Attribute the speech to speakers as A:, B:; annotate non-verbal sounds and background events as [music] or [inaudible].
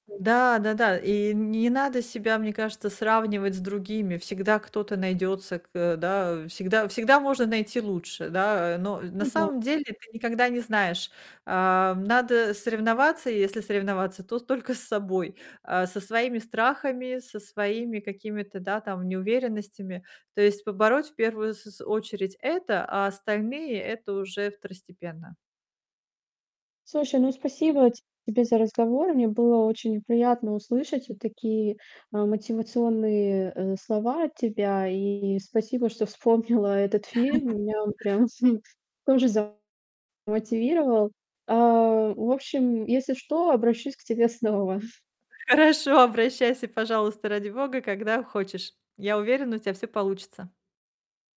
A: Да, да да, и не надо себя, мне кажется, сравнивать с другими. Всегда кто-то найдется к э, да, всегда всегда можно найти лучше, да? Но на
B: Ну да.
A: самом деле ты никогда не знаешь. Ам, надо соревноваться, если соревноваться, то только с собой. А, со своими страхами, со своими какими-то, да, там неуверенностями. То есть побороть в первую с с очередь это, а остальные это уже второстепенно.
B: Слушай, ну спасибо тебе за разговор. Мне было очень приятно услышать вот такие, а, мотивационные, э, слова от тебя, и спасибо, что вспомнила этот фильм.
A: [chuckles]
B: Меня он прям [chuckles] тоже замотивировал. А, в общем, если что, обращусь к тебе снова. [chuckles]
A: Хорошо, обращайся, пожалуйста, ради бога, когда хочешь. Я уверена, у тебя всё получится.